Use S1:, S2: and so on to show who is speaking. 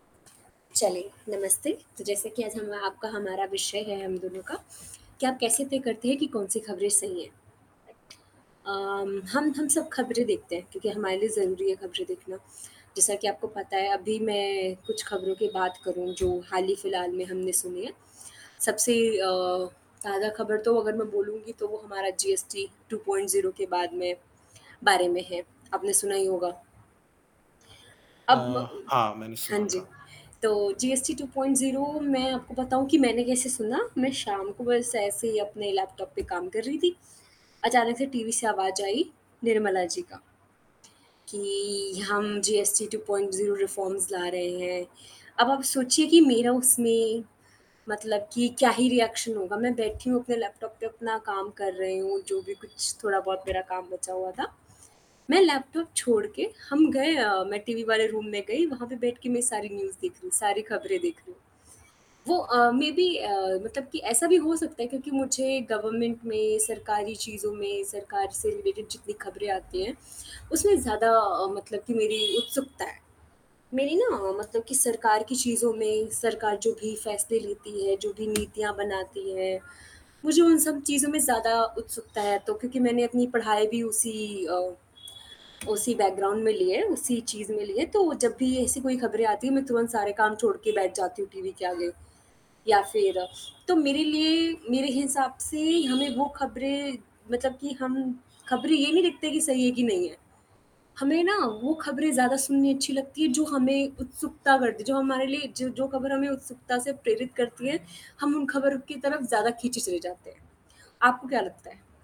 S1: चलिए नमस्ते। तो जैसा कि आज हम आपका हमारा विषय है हम दोनों का कि आप कैसे तय करते हैं कि कौन-सी खबरें सही हैं? अम, हम हम सब खबरें देखते हैं क्योंकि हमारे लिए ज़रूरी है खबरें देखना। जैसा कि आपको पता है अभी मैं कुछ खबरों की बात करूँ जो हाल ही फिलहाल में हमने सुनी हैं। सबसे अ, ताज़ा खबर तो अगर मैं बोलूँगी तो वो हमारा जीएसटी 2.0 के बाद में बारे में है आपने सुना ही होगा?
S2: अ,
S1: अब म
S2: हाँ मैंने
S1: हाँ
S2: सुना
S1: जी।
S2: था।
S1: तो जीएसटी 2.0 मैं आपको बताऊँ कि मैंने कैसे सुना, मैं शाम को बस ऐसे ही अपने लैपटॉप पे काम कर रही थी। अचानक से टीवी से आवाज आई निर्मला जी का कि हम जीएसटी 2.0 रिफॉर्म्स ला रहे हैं। अब आप सोचिए कि मेरा उसमें मतलब कि क्या ही रिएक्शन होगा मैं बैठी हूँ अपने लैपटॉप पे अपना काम कर रही हूँ जो भी कुछ थोड़ा बहुत मेरा काम बचा हुआ था। मैं लैपटॉप छोड़ के हम गए अ, मैं टीवी वाले रूम में गई वहाँ पे बैठ के मैं सारी न्यूज़ देख रही हूँ, सारी खबरें देख रही हूँ। वो अ, मेबी अ, मतलब कि ऐसा भी हो सकता है क्योंकि मुझे गवर्नमेंट में, सरकारी चीज़ों में, सरकार से रिलेटेड जितनी खबरें आती हैं उसमें ज़्यादा अ, मतलब कि मेरी उत्सुकता है। मेरी न मतलब कि सरकार की चीज़ों में, सरकार जो भी फ़ैसले लेती है, जो भी नीतियाँ बनाती है मुझे उन सब चीज़ों में ज़्यादा उत्सुकता है। तो क्योंकि मैंने अपनी पढ़ाई भी उसी अ, उसी बैकग्राउंड में ली है, उसी चीज़ में ली है तो जब भी ऐसी कोई खबरें आती है मैं तुरंत सारे काम छोड़ के बैठ जाती हूँ टीवी के आगे या फिर तो मेरे लिए मेरे हिसाब से हमें वो खबरें मतलब कि हम खबरें ये नहीं देखते कि सही है कि नहीं है। हमें न वो खबरें ज़्यादा सुननी अच्छी लगती है जो हमें उत्सुकता करती है जो हमारे लिए ज जो खबर हमें उत्सुकता से प्रेरित करती है, हम उन खबरों की तरफ़ ज़्यादा खींचे चले जाते हैं। आपको क्या लगता है?